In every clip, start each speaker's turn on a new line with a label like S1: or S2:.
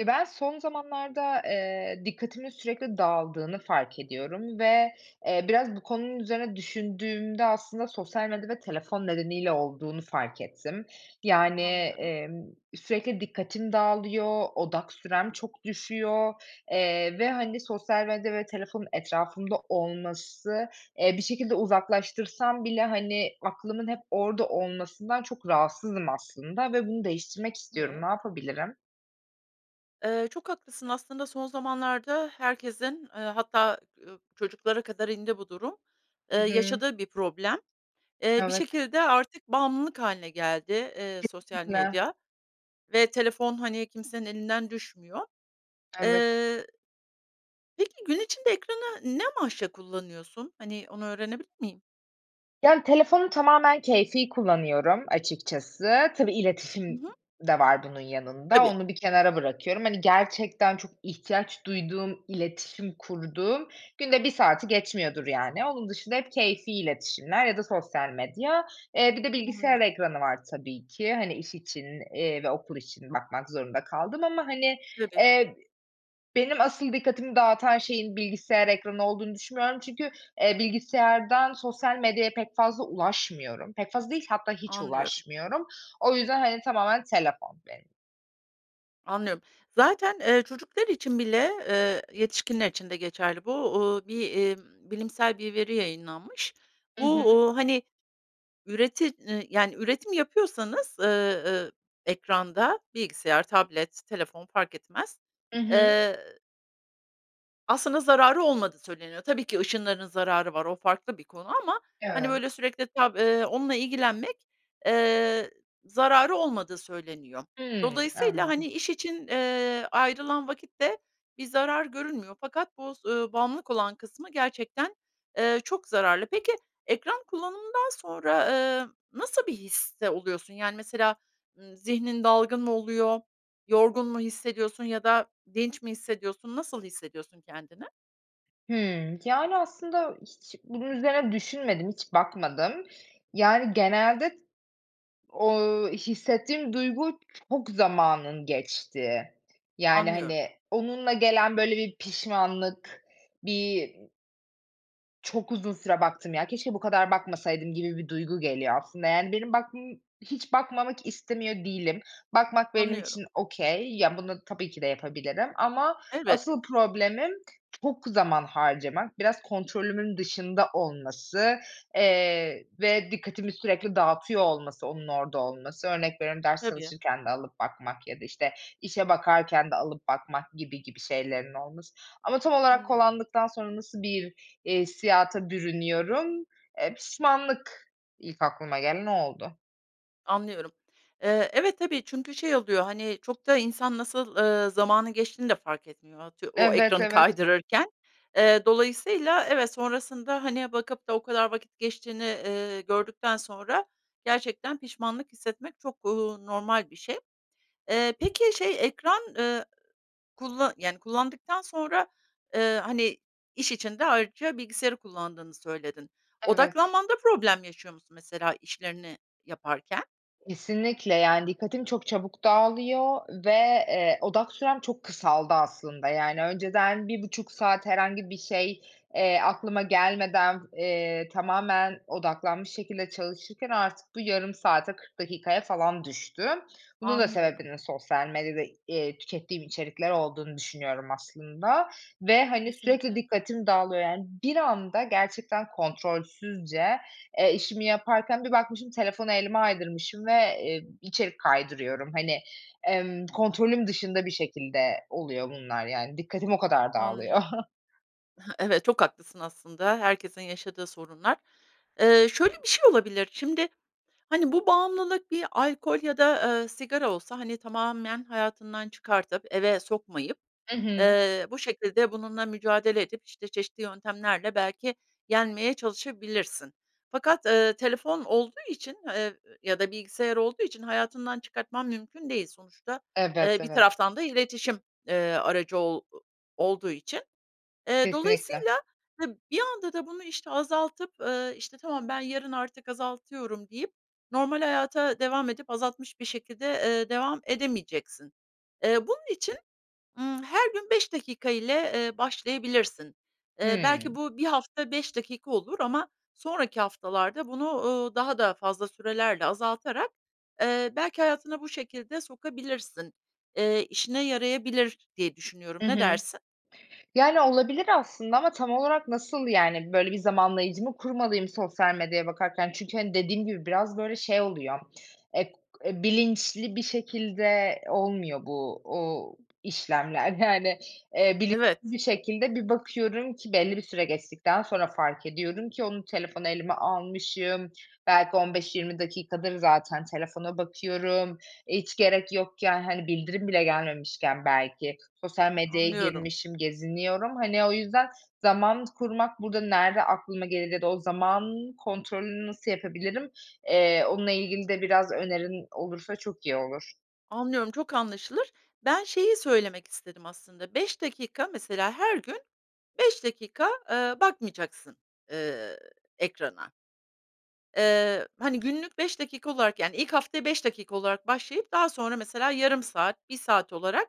S1: E, ben son zamanlarda, eee, dikkatimin sürekli dağıldığını fark ediyorum ve, eee, biraz bu konunun üzerine düşündüğümde aslında sosyal medya ve telefon nedeniyle olduğunu fark ettim. Yani,
S2: Anlıyorum.
S1: emm, sürekli dikkatim dağılıyor, odak sürem çok düşüyor, eee, ve hani, sosyal medya ve telefonun etrafımda olması, eee, bir şekilde uzaklaştırsam bile hani, aklımın hep orada olmasından çok rahatsızım aslında ve bunu değiştirmek istiyorum.
S2: Evet.
S1: Ne yapabilirim?
S2: Iıı, çok haklısın aslında son zamanlarda herkesin, ııı, hatta, ııı, çocuklara kadar indi bu durum, eee,
S1: Hı hı.
S2: yaşadığı bir problem. Eee, bir
S1: Evet.
S2: şekilde artık bağımlılık hâline geldi, eee, sosyal
S1: Kesinlikle.
S2: medya ve telefon hani, kimsenin elinden düşmüyor.
S1: Evet.
S2: Eee, peki gün içinde ekranı ne amaçla kullanıyorsun? Hani, onu öğrenebilir miyim?
S1: Yani, telefonu tamamen keyfi kullanıyorum açıkçası. Tabii
S2: Hı
S1: iletişim
S2: hı.
S1: d de var bunun yanında,
S2: Tabii.
S1: onu bir kenara bırakıyorum. Hani, gerçekten çok ihtiyaç duyduğum iletişim kurduğum günde 1 saati geçmiyordur yani. Onun dışında hep keyfi iletişimler ya da sosyal medya, eee, bir de bilgisayar
S2: Anlıyorum.
S1: ekranı var tabii ki hani, iş için, eee, ve okul için bakmak zorunda kaldığım ama hani, eee,
S2: Tabii.
S1: e benim asıl dikkatimi dağıtan şeyin bilgisayar ekranı olduğunu düşünmüyorum çünkü, eee, bilgisayardan sosyal medyaya pek fazla ulaşmıyorum. Pek fazla değil, hatta hiç
S2: Anlıyorum.
S1: ulaşmıyorum. O yüzden hani, tamamen telefon benim.
S2: Anlıyorum. Zaten, eee, çocuklar için bile, eee, yetişkinler için de geçerli bu, ııı, bir, iii, bilimsel bir veri yayınlanmış.
S1: Hı
S2: Bu,
S1: hı.
S2: uuu, hani, üretim yani üretim yapıyorsanız, ııı, ekranda bilgisayar, tablet, telefon fark etmez
S1: Hı hı.
S2: eee aslında zararı olmadığı söyleniyor. Tabii ki ışınlarının zararı var o farklı bir konu ama, hani,
S1: Evet.
S2: böyle sürekli, [unintelligible] eee, onunla ilgilenmek, eee, zararı olmadığı söyleniyor.
S1: Hımm,
S2: Dolayısıyla, hani,
S1: anladım.
S2: iş için, eee, ayrılan vakitte bir zarar görünmüyor. Fakat bu s ııı, bağımlılık olan kısmı gerçekten, eee, çok zararlı. Peki, ekran kullanımından sonra, eee, nasıl bir histe oluyorsun? Yani mesela, ııı, zihnin dalgın mı oluyor, yorgun mu hissediyorsun ya da dinç mi hissediyorsun, nasıl hissediyorsun kendini?
S1: Hımm. Yani aslında hiç bunun üzerine düşünmedim, hiç bakmadım. Yani genelde o hissettiğim duygu çok zamanım geçtiği. Yani,
S2: Anlıyorum.
S1: hani, onunla gelen böyle bir pişmanlık, bir çok uzun süre baktım ya, keşke bu kadar bakmasaydım gibi bir duygu geliyor aslında. Yani benim bakmam hiç bakmamak istemiyor değilim. Bakmak benim
S2: Anlıyorum.
S1: için okay. Ya, bunu tabii ki de yapabilirim ama
S2: Elbette.
S1: asıl problemim çok zaman harcamak. Biraz kontrolümün dışında olması, eee, ve dikkatimi sürekli dağıtıyor olması onun orada olması. Örnek veriyorum, ders
S2: Tabii.
S1: çalışırken de alıp bakmak ya da, işte, işe bakarken de alıp bakmak gibi gibi şeylerin olması ama tam olarak
S2: Anlıyorum.
S1: kullandıktan sonra nasıl bir, iii, hissiyata bürünüyorum, eee, pişmanlık ilk aklıma gelen o oldu.
S2: Anlıyorum. Eee, evet tabii çünkü şey oluyor, hani, çok da insan nasıl, eee, zamanın geçtiğini de fark etmiyor, eee, atıyor o
S1: Evet
S2: ekranı
S1: evet.
S2: kaydırırken. Eee, dolayısıyla evet sonrasında, hani, bakıp da o kadar vakit geçtiğini, eee, gördükten sonra gerçekten pişmanlık hissetmek çok, eee, normal bir şey. Eee, peki şey ekran, eee, kulla eee, yani, kullandıktan sonra, eee, hani, iş için de ayrıca bilgisayarı kullandığını söyledin.
S1: Evet.
S2: Odaklanmanda problem yaşıyor musun mesela işlerini yaparken?
S1: Kesinlikle, yani, dikkatim çok çabuk dağılıyor ve, eee, odak sürem çok kısaldı aslında, yani, önceden 1.5 saat herhangi bir şey, eee, aklıma gelmeden, eee, tamamen odaklanmış şekilde çalışırken artık bu 0.5 saate, 40 dakikaya falan düştü. Bunun da
S2: Anlıyorum.
S1: sebebinin sosyal medyada, eee, tükettiğim içerikler olduğunu düşünüyorum aslında ve, hani, sürekli
S2: Kesinlikle.
S1: dikkatim dağılıyor yani. Bir anda gerçekten kontrolsüzce, eee, işimi yaparken bir bakmışım telefonu elime aydırmışım ve, eee, içerik kaydırıyorum. Hani, emm, kontrolüm dışında bir şekilde oluyor bunlar yani. Dikkatim o kadar dağılıyor.
S2: Anlıyorum. Hıh. Evet, çok haklısın aslında herkesin yaşadığı sorunlar. Eee, şöyle, bir şey olabilir. Şimdi, hani, bu bağımlılık bir alkol ya da, eee, sigara olsa, hani, tamamen hayatından çıkartıp eve sokmayıp,
S1: Hı hı.
S2: eee, bu şekilde bununla mücadele edip, işte, çeşitli yöntemlerle belki yenmeye çalışabilirsin. Fakat, eee, telefon olduğu için, eee, ya da bilgisayar olduğu için hayatından çıkartman mümkün değil sonuçta, eee,
S1: Evet,
S2: bir
S1: evet.
S2: taraftan da iletişim, eee, aracı ol olduğu için. Eee,
S1: Kesinlikle.
S2: dolayısıyla, hı, bir anda da bunu, işte, azaltıp, eee, işte, "Tamam, ben yarın artık azaltıyorum." deyip normal hayata devam edip azaltmış bir şekilde, eee, devam edemeyeceksin. Eee, bunun için, ımm, her gün 5 dakika ile, eee, başlayabilirsin. Eee,
S1: Hı.
S2: belki bu bir hafta 5 dakika olur ama sonraki haftalarda bunu, eee, daha fazla sürelerle azaltarak, eee, belki hayatına bu şekilde sokabilirsin, eee, işine yarayabilir diye düşünüyorum.
S1: Hı
S2: Ne
S1: hı.
S2: dersin?
S1: Yani, olabilir aslında ama tam olarak nasıl, yani, böyle, bir zamanlayıcı mı kurmalıyım sosyal medyaya bakarken. Çünkü, hani, dediğim gibi biraz, böyle, şey oluyor, ek eee, bilinçli bir şekilde olmuyor bu, uuu, işlemler. Yani, eee, bilinçli
S2: Evet.
S1: bir şekilde bir bakıyorum ki belli bir süre geçtikten sonra fark ediyorum ki onu telefonu elime almışım, belki 15-20 dakikadır zaten telefona bakıyorum. Hiç gerek yokken, hani, bildirim bile gelmemişken belki sosyal medyaya
S2: Anlıyorum.
S1: girmişim, geziniyorum. Hani, o yüzden zaman kurmak burada nerede aklıma gelir ya da o zaman kontrolünü nasıl yapabilirim, eee, onunla ilgili de biraz önerin olursa çok iyi olur.
S2: Anlıyorum çok anlaşılır. Ben şeyi söylemek istedim aslında, 5 dakika mesela, her gün 5 dakika, eee, bakmayacaksın, eee, ekrana. Eee, hani, günlük 5 dakika olarak, yani, ilk haftaya 5 dakika olarak başlayıp daha sonra mesela yarım saat, 1 saat olarak,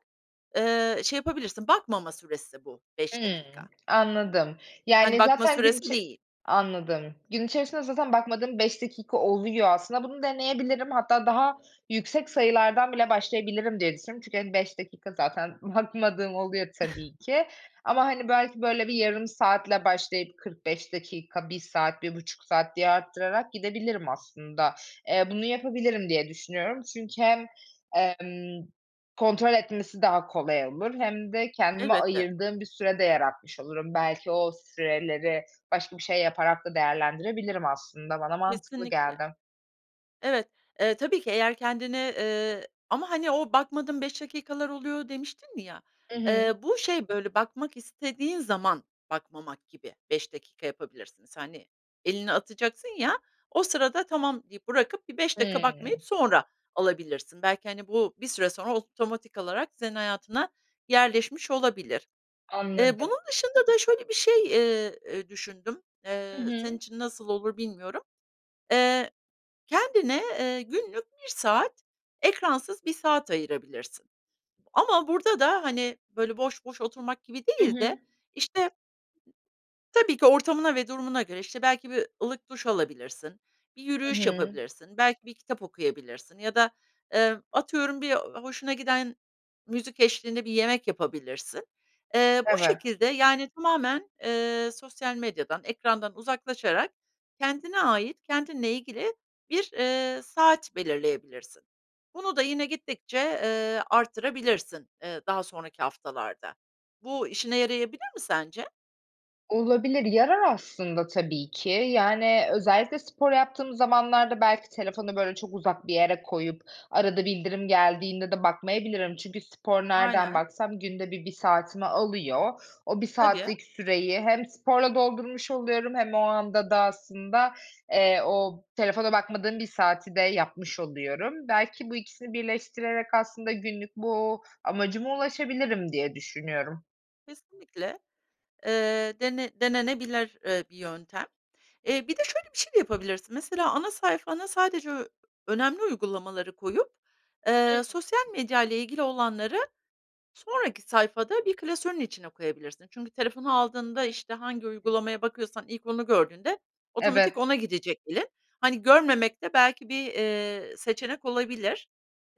S2: eee, şey yapabilirsin. Bakmama süresi bu 5
S1: Imm,
S2: dakika.
S1: anladım.
S2: Yani,
S1: Yani,
S2: bakma
S1: zaten gün
S2: süresi
S1: içe
S2: değil.
S1: anladım. Gün içerisinde zaten bakmadığım 5 dakika oluyor. Aslında bunu deneyebilirim, hatta daha yüksek sayılardan bile başlayabilirim diye düşünüyorum, çünkü, hani, 5 dakika zaten bakmadığım oluyor tabii ki. Ama, hani, belki, böyle, bir yarım saatle başlayıp 45 dakika, 1 saat, 1.5 saat diye arttırarak gidebilirim aslında. Eee, bunu yapabilirim diye düşünüyorum, çünkü hem, emm, kontrol etmesi daha kolay olur hem de kendime
S2: Elbette.
S1: ayırdığım bir süre de yaratmış olurum. Belki o süreleri başka bir şey yaparak da değerlendirebilirim aslında. Bana mantıklı
S2: Kesinlikle.
S1: geldi.
S2: Evet, eee, tabii ki eğer kendini, eee, ama, hani, o bakmadığım 5 dakikalar oluyor demiştin ya,
S1: Hı hı.
S2: eee, bu şey, böyle, bakmak istediğin zaman bakmamak gibi 5 dakika yapabilirsiniz. Hani, elini atacaksın ya, o sırada tamam deyip, bırakıp, bir 5 dakika bakmayıp
S1: Hı.
S2: sonra alabilirsin. Belki, hani, bu bir süre sonra otomatik alarak senin hayatına yerleşmiş olabilir. Eee,
S1: Anladım.
S2: bunun dışında da, şöyle, bir şey, eee, eee, düşündüm.
S1: Hı
S2: Eee, senin
S1: hı.
S2: için nasıl olur bilmiyorum. Eee, kendine, eee, günlük 1 saat, ekransız 1 saat ayırabilirsin. Ama burada da, hani, böyle, boş boş oturmak gibi
S1: Hı
S2: değil de
S1: hı.
S2: işte Tabii ki ortamına ve durumuna göre, işte, belki bir ılık duş alabilirsin, bir
S1: Hı
S2: yürüyüş
S1: hı.
S2: yapabilirsin, belki bir kitap okuyabilirsin ya da, eee, atıyorum, bir, eee, hoşuna giden müzik eşliğinde bir yemek yapabilirsin. Eee, bu
S1: Evet.
S2: şekilde, yani, tamamen, eee, sosyal medyadan, ekrandan uzaklaşarak kendine ait, kendinle ilgili bir, eee, saat belirleyebilirsin. Bunu da yine gittikçe, eee, arttırabilirsin, eee, daha sonraki haftalarda. Bu, işine yarayabilir mi sence?
S1: Olabilir yarar aslında tabii ki. Yani özellikle spor yaptığım zamanlarda belki telefonu, böyle, çok uzak bir yere koyup arada bildirim geldiğinde de bakmayabilirim. Çünkü spor nereden
S2: Aynen.
S1: baksam günde 1, 1 saatimi alıyor. O 1
S2: Tabii.
S1: saatlik süreyi hem sporla doldurmuş oluyorum hem o anda da aslında, eee, o telefona bakmadığım 1 saati de yapmış oluyorum. Belki bu ikisini birleştirerek aslında günlük bu amacıma ulaşabilirim diye düşünüyorum.
S2: Kesinlikle. Eee, dene denenebilir, iii, bir yöntem. E, bir de şöyle bir şey de yapabilirsin mesela ana sayfana sadece ö önemli uygulamaları koyup,
S1: Hımm.
S2: eee, sosyal medya ile ilgili olanları sonraki sayfada bir klasörün içine koyabilirsin. Çünkü telefonu aldığında, işte, hangi uygulamaya bakıyorsan ilk onu gördüğünde otomatik
S1: Evet.
S2: ona gidecek elin. Hani, görmemek de belki bir, eee, seçenek olabilir.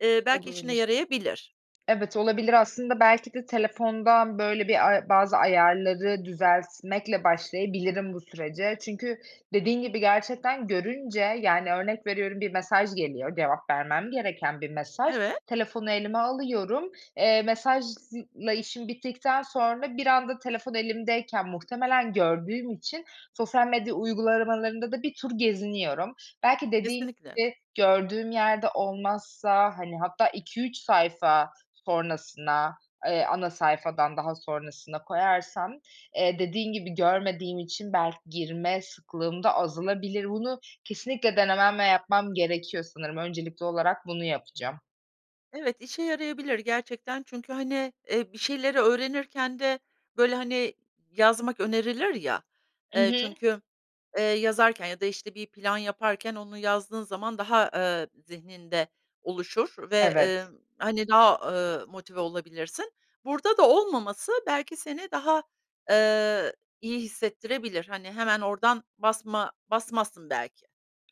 S2: Eee, belki işine
S1: Olabilir.
S2: yarayabilir.
S1: Evet olabilir, aslında belki de telefondan, böyle, bir a bazı ayarları düzeltmekle başlayabilirim bu sürece. Çünkü dediğin gibi gerçekten görünce, yani örnek veriyorum bir mesaj geliyor, cevap vermem gereken bir mesaj.
S2: Evet.
S1: Telefonu elime alıyorum. Eee, mesajla işim bittikten sonra bir anda telefon elimdeyken muhtemelen gördüğüm için sosyal medya uygulamalarında da bir tur geziniyorum. Belki dediğin
S2: Kesinlikle.
S1: gibi gördüğüm yerde olmazsa, hani, hatta 2-3 sayfa sonrasına, eee, ana sayfadan daha sonrasına koyarsam, eee, dediğin gibi görmediğim için belki girme sıklığım da azalabilir. Bunu kesinlikle denemem ve yapmam gerekiyor sanırım. Öncelikli olarak bunu yapacağım.
S2: Evet, işe yarayabilir gerçekten. Çünkü, hani, eee, bir şeyleri öğrenirken de, böyle, hani, yazmak önerilir ya.
S1: I
S2: Eee,
S1: hı.
S2: çünkü, eee, yazarken ya da, işte, bir plan yaparken onu yazdığın zaman daha, ııı, zihninde oluşur ve, emm,
S1: Evet.
S2: hani, daha, ııı, motive olabilirsin. Burada da olmaması belki seni daha, eee, iyi hissettirebilir. Hani, hemen oradan basma basmazsın belki.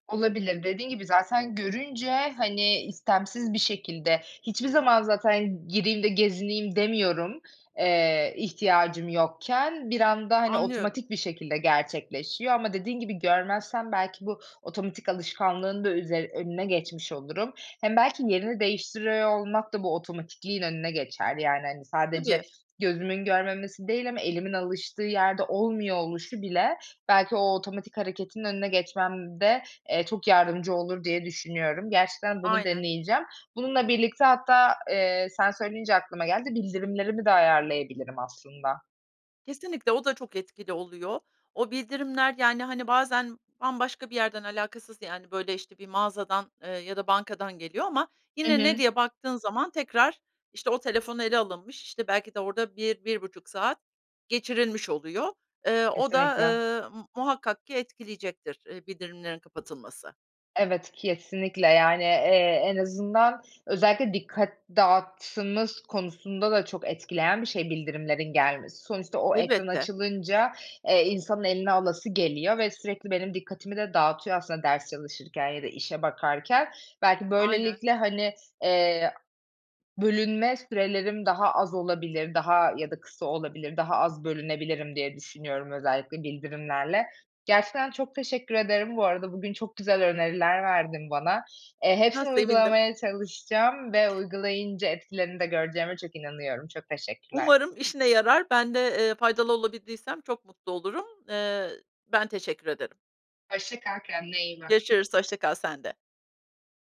S1: Olabilir. Dediğin gibi zaten görünce, hani, istemsiz bir şekilde hiçbir zaman zaten gireyim de gezineyim demiyorum, eee, ihtiyacım yokken. Bir anda, hani,
S2: Anlıyorum.
S1: otomatik bir şekilde gerçekleşiyor ama dediğin gibi görmezsem belki bu otomatik alışkanlığın da üzeri önüne geçmiş olurum. Hem belki yerini değiştiriyor olmak da bu otomatikliğin önüne geçer. Yani, hani, sadece
S2: Tabii.
S1: gözümün görmemesi değil ama elimin alıştığı yerde olmuyor oluşu bile belki o otomatik hareketin önüne geçmemde, eee, çok yardımcı olur diye düşünüyorum. Gerçekten bunu
S2: Aynen.
S1: deneyeceğim. Bununla birlikte hatta, eee, sen söyleyince aklıma geldi, bildirimlerimi de ayarlayabilirim aslında.
S2: Kesinlikle. O da çok etkili oluyor. O bildirimler, yani, hani, bazen bambaşka bir yerden alakasız, yani, böyle, işte, bir mağazadan, eee, ya da bankadan geliyor ama
S1: Hı
S2: yine ne
S1: hı.
S2: diye baktığın zaman tekrar, işte, o telefon ele alınmış, işte, belki de orada bir, 1-1,5 saat geçirilmiş oluyor. Eee, o da
S1: Kesinlikle.
S2: ııı, m muhakkak ki etkileyecektir, eee, bildirimlerin kapatılması.
S1: Evet, kesinlikle. Yani, eee, en azından özellikle dikkat dağıttığımız konusunda da çok etkileyen bir şey bildirimlerin gelmesi. Sonuçta o ekran
S2: Elbette.
S1: açılınca, eee, insanın eline alası geliyor ve sürekli benim dikkatimi de dağıtıyor aslında ders çalışırken ya da işe bakarken. Belki
S2: Aynen.
S1: böylelikle, hani, eee, bölünme sürelerim daha az olabilir, daha ya da kısa olabilir, daha az bölünebilirim diye düşünüyorum özellikle bildirimlerle. Gerçekten çok teşekkür ederim bu arada. Bugün çok güzel öneriler verdin bana. Eee,
S2: Ha,
S1: hepsini
S2: sevindim.
S1: uygulamaya çalışacağım ve uygulayınca etkilerini de göreceğime çok inanıyorum. Çok teşekkürler.
S2: Umarım işine yarar. Ben de eee, faydalı olabildiysem çok mutlu olurum. Eee, ben teşekkür ederim.
S1: Hoşça kal, kendine iyi bak.
S2: Görüşürüz. Hoşça kal. Sen de.